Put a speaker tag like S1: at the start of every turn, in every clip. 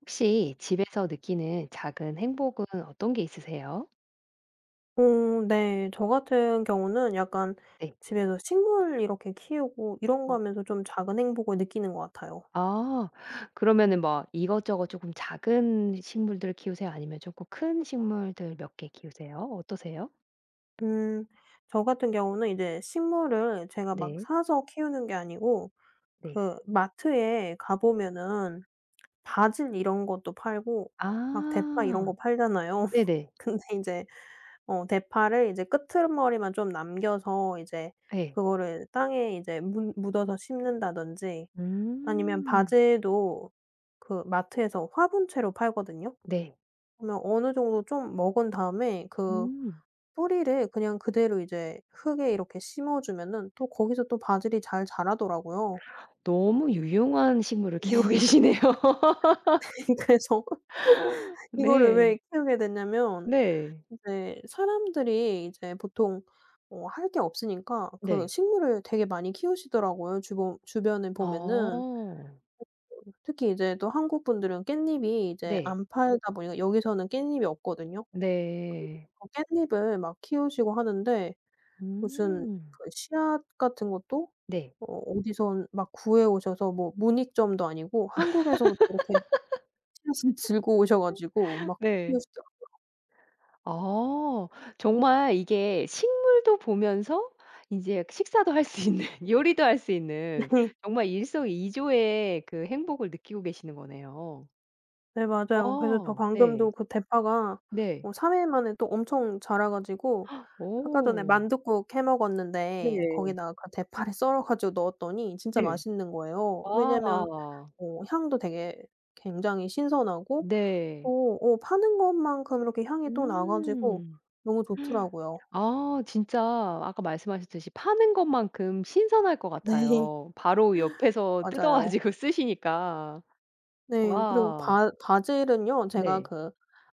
S1: 혹시 집에서 느끼는 작은 행복은 어떤 게 있으세요?
S2: 어 네. 저 같은 경우는 약간
S1: 네.
S2: 집에서 식물 이렇게 키우고 이런 거
S1: 어.
S2: 하면서 좀 작은 행복을 느끼는 것 같아요.
S1: 어. 그러면은 뭐 이것저것 쪼금 작은 식물들을 키우세요 아니면 쪼끔 큰 식물들 몇 개 키우세요? 어떠세요?
S2: 음. 저 같은 경우는 이제 식물을 제가 막
S1: 네.
S2: 사서 키우는 게 아니고
S1: 네.
S2: 그 마트에 가 보면은 바질 이런 것도 팔고 막 대파 이런 거
S1: 아.
S2: 팔잖아요.
S1: 네네.
S2: 근데 인제 어 대파를 이제 끄트머리만 좀 남겨서 이제
S1: 예.
S2: 그거를 땅에 이제 문 묻어서 심는다든지 아니면
S1: 음.
S2: 바질도 그 마트에서 화분째로 팔거든요.
S1: 네.
S2: 그러면 어느 정도 좀 먹은 다음에 그
S1: 음.
S2: 뿌리를 그냥 그대로 이제 흙에 이렇게 심어 주면은 또 거기서 또 바질이 잘 자라더라고요.
S1: 너무 유용한 식물을 키우고
S2: 네.
S1: 계시네요.
S2: 네. 그래서 이거를
S1: 네.
S2: 왜 키우게 됐냐면
S1: 네.
S2: 인제 사람들이 이제 보통 뭐 할 게 없으니까 그
S1: 네.
S2: 식물을 되게 많이 키우시더라고요 주보 주변에 보면은.
S1: 어.
S2: [unintelligible] 특히 이제 또 한국분들은 깻잎이 이제
S1: 네.
S2: 안 팔다 보니까 여기서는 깻잎이 없거든요.
S1: 네.
S2: 그러니까 깻잎을 막 키우시고 하는데 무슨
S1: 음.
S2: 그 씨앗 같은 것도
S1: 네.
S2: 어 어디선 막 구해 오셔서 뭐 문익점도 아니고 한국에서부터 이렇게 씨앗을 들고 오셔 가지고 막
S1: 네.
S2: 키우시더라고요.
S1: 아. 정말 이게 식물도 보면서 인제 식사도 할 수 있는 요리도 할 수 있는
S2: 네.
S1: 정말 일석이조의 그 행복을 느끼고 계시는 거네요.
S2: 네 맞아요. 그래서 저
S1: 어. 네.
S2: 방금도 그 대파가
S1: 네.
S2: 어 3 일 만에 또 엄청 자라 가지고 아까 전에
S1: 오.
S2: 만둣국 해 먹었는데
S1: 네.
S2: 거기다가 그 대파를 썰어 가지고 넣었더니 진짜
S1: 네.
S2: 맛있는 거예요. 왜냐면
S1: 와와와.
S2: 어 향도 되게 굉장히 신선하고
S1: 네.
S2: 또 어 파는 것만큼 이렇게 향이 또 나 가지고
S1: 음.
S2: 너무 좋더라고요.
S1: 아 진짜 아까 말씀하셨듯이 파는 것만큼 신선할 것
S2: 네
S1: 같아요. 바로 옆에서 뜯어
S2: 맞아요.
S1: 가지고 쓰시니까.
S2: 네 그리고
S1: 와.
S2: 바 바질은요. 제가
S1: 네.
S2: 그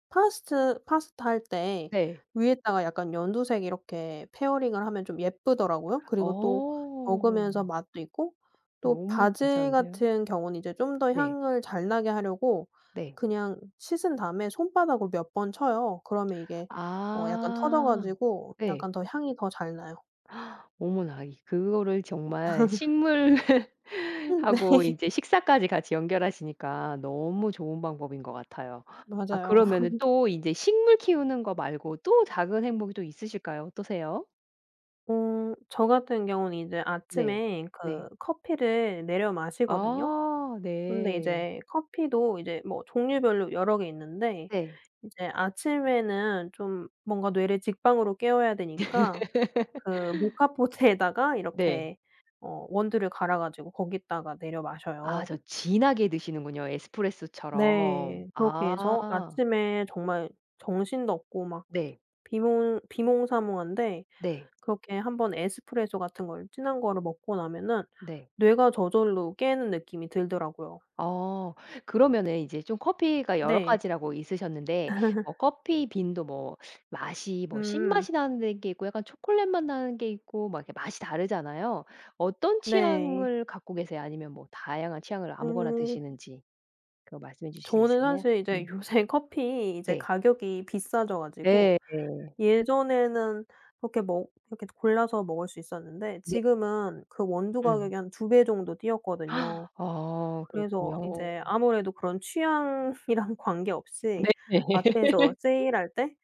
S2: 파스트 파스타 할 때
S1: 네.
S2: 위에다가 약간 연두색 이렇게 페어링을 하면 좀 예쁘더라고요. 그리고 또 먹으면서
S1: 어.
S2: 맛도 있고 또
S1: 너무
S2: 바질
S1: 괜찮은데요.
S2: 같은 경우는 이제 좀 더
S1: 네.
S2: 향을 잘 나게 하려고
S1: 네.
S2: 그냥 씻은 다음에 손바닥으로 몇 번 쳐요. 그러면 이게 어 약간 터져
S1: 아.
S2: 가지고
S1: 네.
S2: 약간 더 향이 더 잘 나요.
S1: 어머나 이 그거를 정말 식물하고
S2: 네.
S1: 인제 식사까지 같이 연결하시니까 너무 좋은 방법인 것 같아요. 아
S2: 맞아요.
S1: 그러면은 또 인제 식물 키우는 거 말고 또 작은 행복이 또 있으실까요? 어떠세요?
S2: 어. 저 같은 경우는 이제
S1: 네.
S2: 아침에 그
S1: 네.
S2: 커피를 내려 마시거든요.
S1: 아.
S2: 근데
S1: 네.
S2: 이제 커피도 이제 뭐 종류별로 여러 개 있는데
S1: 네.
S2: 인제 아침에는 좀 뭔가 뇌를 직방으로 깨워야 되니까 그 모카포트에다가
S1: 네.
S2: 이렇게 어 원두를 갈아 가지고 거기다가 내려
S1: 아
S2: 마셔요.
S1: 저 진하게 드시는군요, 에스프레소처럼.
S2: 네. 그렇게 해서
S1: 아.
S2: 아침에 정말 정신도 없고 막
S1: 네.
S2: 비몽 비몽사몽한데
S1: 네.
S2: 그렇게 한번 에스프레소 같은 걸 진한 거를 먹고 나면은
S1: 네.
S2: 뇌가 저절로 깨는 느낌이 들더라고요.
S1: 어. 그러면은 이제 좀 커피가 여러
S2: 네.
S1: 가지라고 있으셨는데 어 커피빈도 뭐 맛이 뭐
S2: 음.
S1: 신맛이 나는데 게 있고 약간 초콜릿 맛 나는 게 있고 막 이렇게 맛이 다르잖아요. 어떤
S2: 네.
S1: 취향을 갖고 계세요? 아니면 뭐 다양한 취향을 아무거나
S2: 음.
S1: 드시는지 그거 말씀해 주실 수
S2: 저는
S1: 있으세요?
S2: 사실 이제
S1: 음.
S2: 요새 커피 이제
S1: 네.
S2: 가격이 비싸져 가지고
S1: 네.
S2: 예전에는 이렇게 먹 이렇게 골라서 먹을 수 있었는데
S1: 네.
S2: 지금은 그 원두
S1: 음.
S2: 가격이 한 2 배 정도 뛰었거든요.
S1: 어.
S2: 그래서
S1: 그렇군요.
S2: 인제 아무래도 그런 취향이랑 관계없이
S1: 네.
S2: 마트에서 세일할 때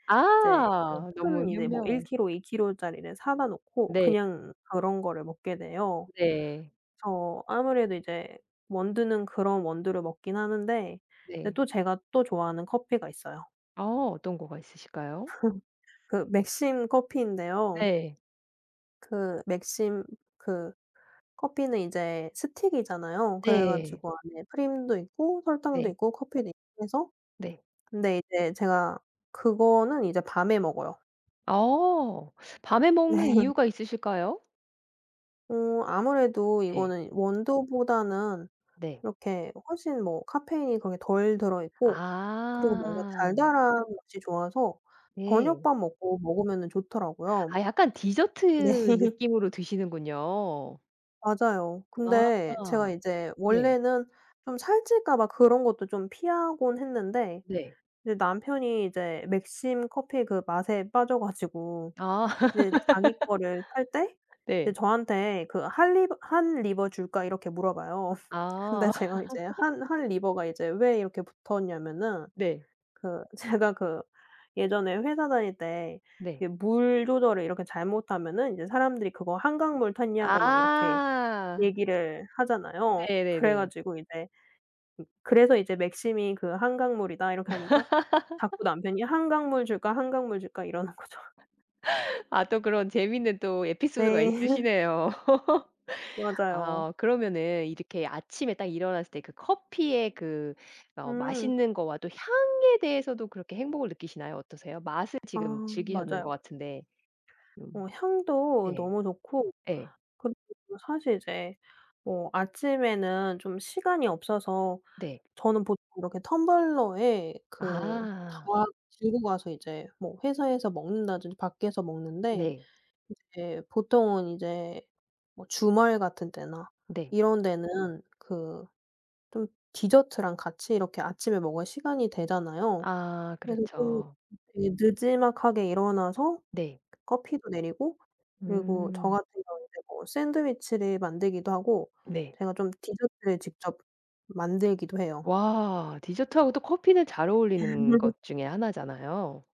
S2: 이제 뭐
S1: 아. 너무
S2: 큰 이제 뭐 1
S1: 현명한
S2: 킬로, 2 킬로짜리를 사다 놓고
S1: 네.
S2: 그냥 그런 거를 먹게 돼요.
S1: 네.
S2: 그래서 아무래도 이제 원두는 그런 원두를 먹긴 하는데 그런데
S1: 네.
S2: 또 제가 또 좋아하는 커피가 있어요.
S1: 아 어떤 거가 있으실까요?
S2: 그 맥심 커피인데요.
S1: 네.
S2: 그 맥심 그 커피는 이제 스틱이잖아요. 그래
S1: 네.
S2: 가지고 안에 프림도 있고 설탕도
S1: 네.
S2: 있고 커피도 있고 해서.
S1: 네.
S2: 근데 이제 제가 그거는 이제 밤에 먹어요.
S1: 아 밤에 먹는
S2: 네.
S1: 이유가 있으실까요?
S2: 어 아무래도
S1: 네.
S2: 이거는 원두보다는
S1: 네.
S2: 이렇게 훨씬 뭐 카페인이 거기 덜 들어 있고 그리고 뭔가
S1: 아.
S2: 달달한 것이 좋아서
S1: 네.
S2: 저녁밥 먹고 먹으면은 좋더라고요.
S1: 아 약간
S2: 네.
S1: 디저트 느낌으로 드시는군요.
S2: 맞아요. 근데 제가
S1: 아
S2: 이제
S1: 네.
S2: 원래는 좀 살찔까 봐 그런 것도 좀 피하곤 했는데
S1: 네.
S2: 근데 남편이 이제 맥심 커피 그 맛에 빠져 가지고
S1: 아
S2: 이제 자기 거를 탈 때 이제
S1: 네.
S2: 저한테 그 "할 리버 Han river 줄까?" 이렇게 물어 봐요. 근데
S1: 아.
S2: 제가 이제 한 Han river가 이제 왜 이렇게 붙었냐면은
S1: 네.
S2: 그 제가 그 예전에 회사 다닐 때
S1: 네.
S2: 이렇게 물 조절을 이렇게 잘못하면 사람들이 "그거 한강물 탔냐?"고 막 이렇게
S1: 아.
S2: 얘기를 하잖아요. 그래
S1: 네네네.
S2: 가지고 이제 으 그래서 이제 "맥심이 그 한강물이다." 이렇게 하니까 자꾸 남편이 "한강물 줄까? 한강물 줄까?" 이러는 거죠.
S1: 아 또 그런 재밌는 또 에피소드가
S2: 네.
S1: 있으시네요.
S2: 맞아요.
S1: 어 그러면은 이렇게 아침에 딱 일어났을 때 그 커피의 그 어
S2: 음.
S1: 맛있는 거와 또 향에 대해서도 그렇게 행복을 느끼시나요 어떠세요? 맛을
S2: 아
S1: 지금 즐기셨는 것
S2: 맞아요.
S1: 같은데. 음.
S2: 어 향도
S1: 네.
S2: 너무 좋고
S1: 예.
S2: 그리고 또 사실 이제 어 아침에는 좀 시간이 없어서
S1: 네.
S2: 저는 보통 이렇게 텀블러에 그 다
S1: 아.
S2: 들고 가서 이제 뭐 회사에서 먹는다든지 밖에서 먹는데
S1: 네.
S2: 인제 보통은 인제 뭐 주말 같은 때나
S1: 네.
S2: 이런 데는 그 좀 디저트랑 같이 이렇게 아침에 먹을 시간이 되잖아요.
S1: 아
S2: 그래서 좀
S1: 그렇죠.
S2: 예 느지막하게 일어나서
S1: 네.
S2: 커피도 내리고 그리고 저
S1: 음.
S2: 같은 경우는 뭐 샌드위치를 만들기도 하고
S1: 네.
S2: 제가 좀 디저트를 직접 만들기도 해요.
S1: 와. 디저트하고 또 커피는 잘
S2: 네.
S1: 어울리는 것 중에 하나잖아요.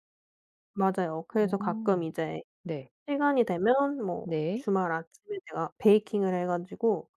S2: 맞아요. 그래서 가끔
S1: 오
S2: 이제
S1: 네.
S2: 시간이 되면 뭐
S1: 네.
S2: 주말 아침에 제가 베이킹을 해 가지고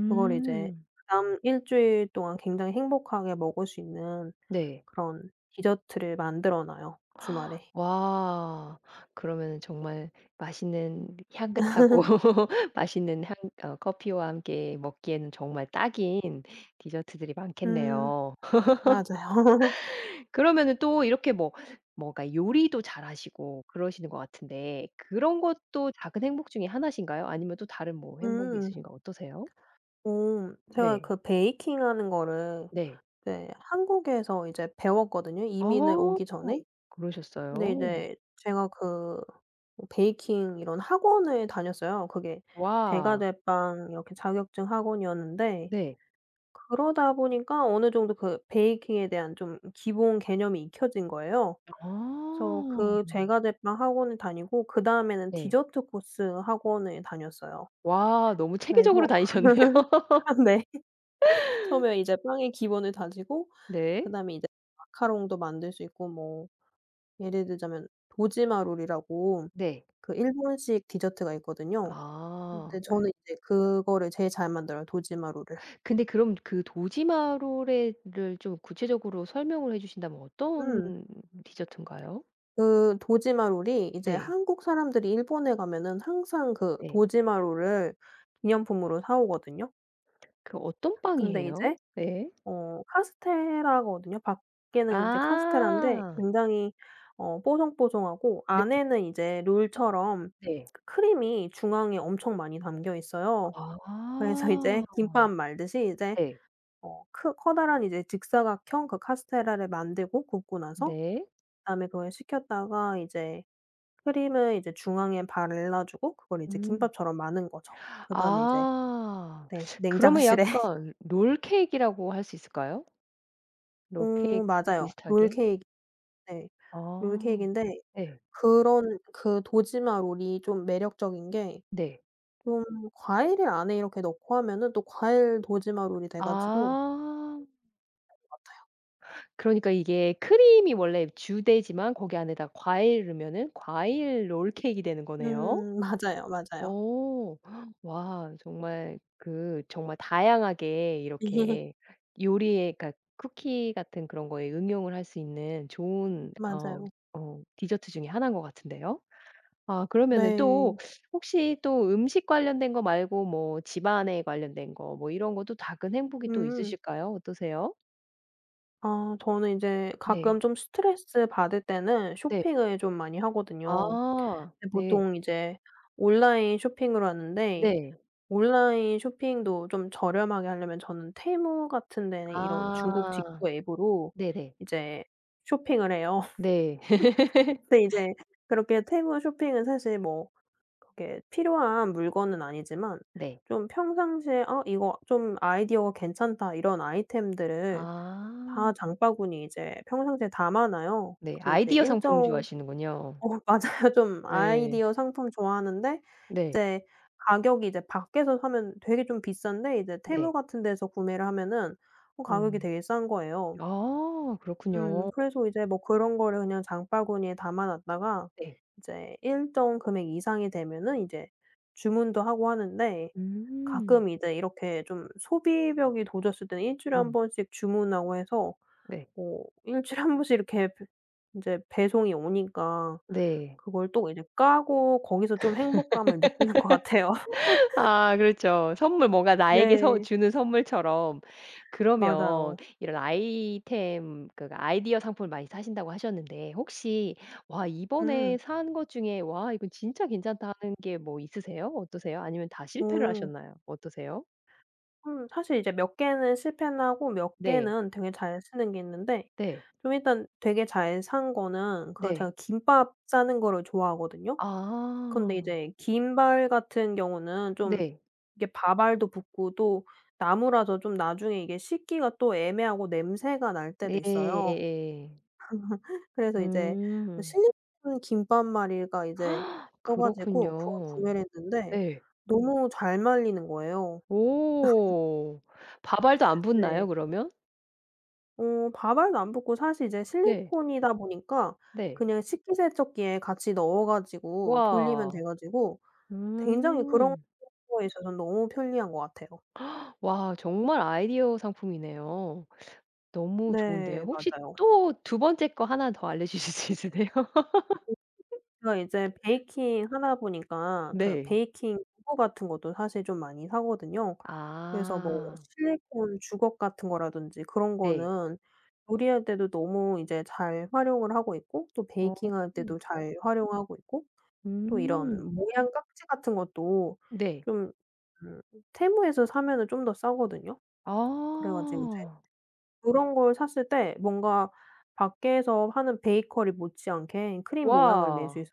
S2: 그걸 이제 그 다음 1 주일 동안 굉장히 행복하게 먹을 수 있는
S1: 네.
S2: 그런 디저트를 만들어 놔요 주말에.
S1: 와 그러면은 정말 맛있는 향긋하고 맛있는 향 어 커피와 함께 먹기에는 정말 딱인 디저트들이
S2: 음
S1: 많겠네요.
S2: 맞아요.
S1: 그러면은 또 이렇게 뭐 뭐랄까 요리도 잘 하시고 그러시는 것 같은데 그런 것도 작은 행복 중에 하나신가요? 아니면 또 다른 뭐 행복이
S2: 음.
S1: 있으신가 어떠세요?
S2: 옴. 제가
S1: 네.
S2: 그 베이킹 하는 거를
S1: 네.
S2: 네 한국에서 이제 배웠거든요 이민을
S1: 어
S2: 오기 전에.
S1: 그러셨어요?
S2: 근데 이제 제가 그 뭐 베이킹 이런 학원을 다녔어요. 그게 제과
S1: 와.
S2: 제빵 이렇게 자격증 학원이었는데
S1: 네.
S2: 그러다 보니까 어느 정도 그 베이킹에 대한 좀 기본 개념이 익혀진 거예요. 그래서
S1: 어.
S2: 그 제과 제빵 학원을 다니고 그 다음에는
S1: 네.
S2: 디저트 코스 학원을 다녔어요.
S1: 와 너무 체계적으로
S2: 그래서
S1: 다니셨네요.
S2: 아 네 처음에 이제 빵의 기본을 다지고
S1: 네.
S2: 그 다음에 이제 마카롱도 만들 수 있고 뭐 예를 들자면 도지마 롤이라고
S1: 네.
S2: 그 일본식 디저트가 있거든요.
S1: 아.
S2: 근데 저는 인제 그거를 제일 잘 만들어요 도지마 롤을.
S1: 근데 그럼 그 도지마롤에 를 좀 구체적으로 설명을 해 주신다면 어떤
S2: 음.
S1: 디저트인가요?
S2: 그 도지마 롤이 이제
S1: 네.
S2: 한국 사람들이 일본에 가면은 항상 그
S1: 네.
S2: 도지마 롤을 기념품으로 사 오거든요.
S1: 그 어떤
S2: 근데
S1: 빵이에요?
S2: 이제
S1: 네.
S2: 어 카스테라거든요. 밖에는 카스테라인데
S1: 아.
S2: 굉장히 어 뽀송뽀송하고
S1: 네.
S2: 안에는 이제 롤처럼
S1: 네.
S2: 크림이 중앙에 엄청 많이 담겨 있어요. 그래서
S1: 아.
S2: 이제 김밥 말듯이 이제
S1: 네.
S2: 어 크 커다란 이제 직사각형 그 카스테라를 만들고 굽고 나서
S1: 네.
S2: 그 다음에 그걸 식혔다가 이제 크림을 이제 중앙에 발라 주고 그걸 이제
S1: 음.
S2: 김밥처럼 마는 거죠. 그 다음에 이제
S1: 아
S2: 네
S1: 그러면
S2: 냉장실에
S1: 약간 롤케이크라고 할 수 있을까요?
S2: 어
S1: 롤케이크
S2: 맞아요.
S1: 비슷하게?
S2: 롤케이크 네
S1: 아
S2: 롤케이크인데
S1: 예.
S2: 그런 그 도지마 롤이 좀 매력적인 게
S1: 네.
S2: 좀 과일을 안에 이렇게 넣고 하면은 또 과일 도지마 롤이 돼 가지고
S1: 아.
S2: [unintelligible]
S1: 그러니까 이게 크림이 원래 이렇게 주되지만 거기 안에다 과일 넣으면 과일 롤케이크가 되는 거네요.
S2: 음 맞아요, 맞아요.
S1: 어. 와. 정말 그 정말 다양하게 이렇게 요리의 그러니까 쿠키 같은 그런 거에 응용을 할 수 있는 좋은 어
S2: 맞아요.
S1: 어 디저트 중에 하나인 것 같은데요. 아 그러면 또
S2: 네.
S1: 혹시 또 음식 관련된 거 말고 뭐 집 안에 관련된 거 뭐 이런 것도 작은 행복이 또
S2: 음.
S1: 있으실까요? 어떠세요?
S2: 아 저는 이제
S1: 네.
S2: 가끔 좀 스트레스 받을 때는
S1: 네.
S2: 쇼핑을 좀 많이 하거든요.
S1: 아 네.
S2: 보통 이제 온라인 쇼핑을 하는데
S1: 네.
S2: 온라인 쇼핑도 좀 저렴하게 하려면 저는 Temu 같은 데는 이런 중국
S1: 아
S2: 직구 앱으로
S1: 네네.
S2: 이제 쇼핑을 해요.
S1: 네.
S2: 근데 이제 그렇게 Temu 쇼핑은 사실 뭐 그렇게 필요한 물건은 아니지만
S1: 네.
S2: 좀 평상시에 '아 이거 좀 아이디어가 괜찮다.' 이런 아이템들을
S1: 아.
S2: 다 장바구니에 이제 평상시에 담아 놔요.
S1: 네
S2: 그게 이제
S1: 아이디어 상품
S2: 일정
S1: 좋아하시는군요.
S2: 어 맞아요. 좀
S1: 예.
S2: 아이디어 상품 좋아하는데
S1: 네.
S2: 이제 가격이 이제 밖에서 사면 되게 좀 비싼데 이제 Temu
S1: 네.
S2: 같은 데서 구매를 하면은 어 가격이
S1: 음.
S2: 되게 싼 거예요.
S1: 아
S2: 음
S1: 그렇군요.
S2: 그래서 이제 뭐 그런 거를 그냥 장바구니에 담아 놨다가
S1: 네.
S2: 이제 일정 금액 이상이 되면은 이제 주문도 하고 하는데
S1: 음.
S2: 가끔 이제 이렇게 좀 소비벽이 도졌을 때는 1 주일에 1
S1: 음.
S2: 번씩 주문하고 해서
S1: 네.
S2: 뭐 1 주일에 1 번씩 이렇게 배 이제 배송이 오니까
S1: 네.
S2: 그걸 또 이제 까고 거기서 좀 행복감을 느끼는 것 같아요.
S1: 아 그렇죠. 선물 뭔가 나에게 서
S2: 네.
S1: 주는 선물처럼. 그러면
S2: 맞아요.
S1: 이런 아이템 그러니까 아이디어 상품을 많이 사신다고 하셨는데 혹시 와 이번에
S2: 음.
S1: 산 것 중에 '와 이건 진짜 괜찮다.' 하는 게 뭐 있으세요? 어떠세요? 아니면 다 실패를
S2: 오.
S1: 하셨나요 어떠세요?
S2: 음 사실 이제 몇 개는 실패는 하고 몇
S1: 네.
S2: 개는 되게 잘 쓰는게 있는데
S1: 네.
S2: 좀 일단 되게 잘 산 거는 그
S1: 네.
S2: 제가 김밥 싸는 거를 좋아하거든요. 그런데
S1: 아.
S2: 이제 김발 같은 경우는 좀
S1: 네.
S2: 이렇게 밥알도 붙고 또 나무라서 좀 나중에 이게 씻기가 또 애매하고 냄새가 날 때도
S1: 예
S2: 있어요.
S1: 예예.
S2: 그래서 이제
S1: 음.
S2: 실리콘 김밥말이가 이제 떠 가지고 그걸
S1: 그렇군요.
S2: 구매를 했는데
S1: 예.
S2: 너무 잘 말리는 거예요.
S1: 오. 밥알도 안 붙나요
S2: 네.
S1: 그러면?
S2: 어 밥알도 안 붙고 사실 이제
S1: 네.
S2: 실리콘이다 보니까
S1: 네.
S2: 그냥 식기세척기에 같이 넣어 가지고 돌리면 돼
S1: 우와.
S2: 가지고 굉장히 그런
S1: 음.
S2: 거에 있어서 너무 편리한 것 같아요.
S1: 와 정말 아이디어 상품이네요. 너무 좋은데요.
S2: 네
S1: 혹시
S2: 맞아요.
S1: 또 2 번째 거 1 더 알려주실 수 있으세요?
S2: 제가 이제 베이킹 하다 보니까 그
S1: 네.
S2: 베이킹 도구 같은 것도 사실 좀 많이 사거든요. 그래서 뭐
S1: 아.
S2: 실리콘 주걱 같은 거라든지 그런
S1: 네.
S2: 거는 요리할 때도 너무 이제 잘 활용을 하고 있고 또
S1: 어.
S2: 베이킹 할 때도 잘 활용하고 있고 또
S1: 음.
S2: 이런 모양 깍지 같은 것도
S1: 네.
S2: 좀 음 Temu에서 사면은 좀 더 싸거든요. 그래 가지고 이제
S1: 아.
S2: 그런 걸 샀을 때 뭔가 밖에서 하는 베이커리 못지 않게 크림 모양을 낼
S1: 우와.
S2: 수 있고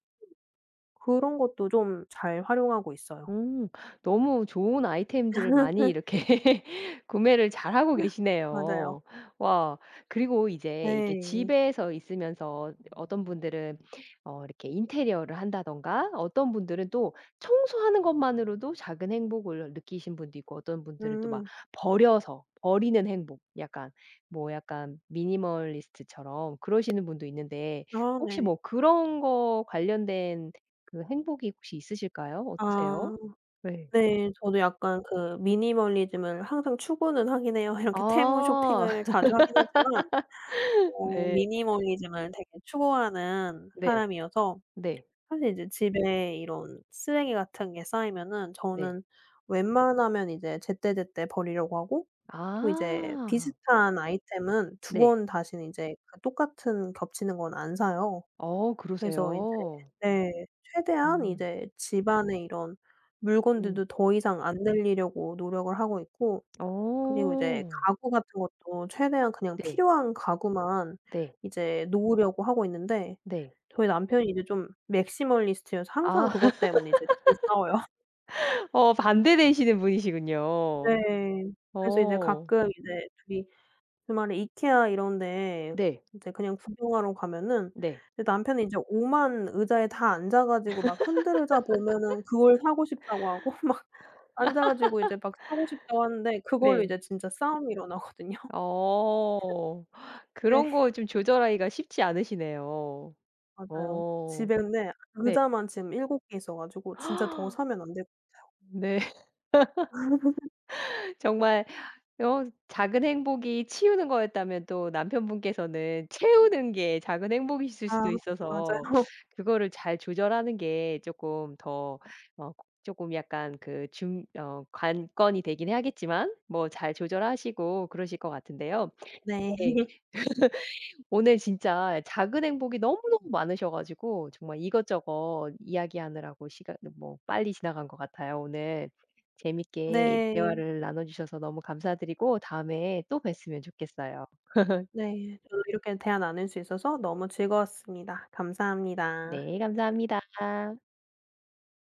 S2: 그런 것도 좀 잘 활용하고 있어요.
S1: 음 너무 좋은 아이템들을 많이 이렇게 구매를 잘 하고
S2: [unintelligible] 맞아요.
S1: 계시네요. 와. 그리고 이제 이렇게
S2: 네.
S1: 집에서 있으면서 어떤 분들은 어 이렇게 인테리어를 한다든가 어떤 분들은 또 청소하는 것만으로도 작은 행복을 느끼신 분도 있고 어떤 분들은 또 막
S2: 음.
S1: 버려서 버리는 행복 약간 뭐 약간 미니멀리스트처럼 그러시는 분도 있는데
S2: 어
S1: 혹시
S2: 네.
S1: 뭐 그런 거 관련된 그 행복이 혹시 있으실까요? 어떠세요?
S2: 아
S1: 예.
S2: 네. 저도 약간 그 미니멀리즘을 항상 추구는 하긴 해요. 이렇게 Temu
S1: 아.
S2: 쇼핑을 자주 하긴 하지만 어
S1: 네.
S2: 미니멀리즘을 되게 추구하는
S1: 네.
S2: 사람이어서
S1: 네.
S2: 사실 이제 집에 이런 쓰레기 같은 게 쌓이면은
S1: 네.
S2: 저는 웬만하면 이제 제때제때 버리려고 하고 또 이제
S1: 아.
S2: 비슷한 아이템은 2
S1: 네.
S2: 번 다신 이제 똑같은 겹치는 건 안 사요.
S1: 어
S2: 그래서 이제
S1: 그러세요.
S2: 네 최대한
S1: 음.
S2: 이제 집 안에 이런
S1: 음.
S2: 물건들도 더 이상 안 늘리려고 노력을 하고 있고. 그리고 이제
S1: 어.
S2: 가구 같은 것도 최대한 그냥
S1: 네.
S2: 필요한 가구만
S1: 네.
S2: 이제 놓으려고 하고 있는데
S1: 네.
S2: 저희 남편이 이제 좀 maximalist여서 항상
S1: 아
S2: 그것 때문에 이제 2 이 싸워요. 네.
S1: 어 반대되시는 분이시군요.
S2: 네. 그래서 이제
S1: 어.
S2: 가끔 이제 2 이 주말에 Ikea 이런데
S1: 네.
S2: 이제 그냥 구경하러 가면은
S1: 네.
S2: 남편은 이제 오만 의자에 다 앉아 가지고 막 흔들의자 보면은 그걸 사고 싶다고 하고 막 앉아 가지고 이제 막 사고 싶다고 하는데 그걸로
S1: 네.
S2: 이제 진짜 싸움이 일어나거든요.
S1: 어.
S2: 네.
S1: 그런 거 좀 조절하기가 쉽지 않으시네요.
S2: 맞아요.
S1: 어.
S2: 집에 근데
S1: 네.
S2: 의자만 지금 7 개 있어 가지고 진짜 더 사면 안 될 것 같아요.
S1: 네. 정말 어 작은 행복이 치우는 거였다면 또 남편 분께서는 채우는 게 작은 행복이실
S2: 아
S1: 수도 있어서
S2: 맞아요.
S1: 그거를 잘 조절하는 게 쪼끔 더 어 쪼끔 약간 그 중 어 관건이 되긴 하겠지만 뭐 잘 조절하시고 그러실 것 같은데요.
S2: 네.
S1: 네. 오늘 진짜 작은 행복이 너무너무 많으셔 가지고 정말 이것저것 이야기 하느라고 시간 뭐 빨리 지나간 것 같아요. 오늘 재밌게
S2: 네.
S1: 대화를 나눠 주셔서 너무 감사 드리고 다음에 또 뵀으면 좋겠어요.
S2: 네. 오늘 이렇게 대화 나눌 수 있어서 너무 즐거웠습니다. 감사합니다.
S1: 네 감사합니다.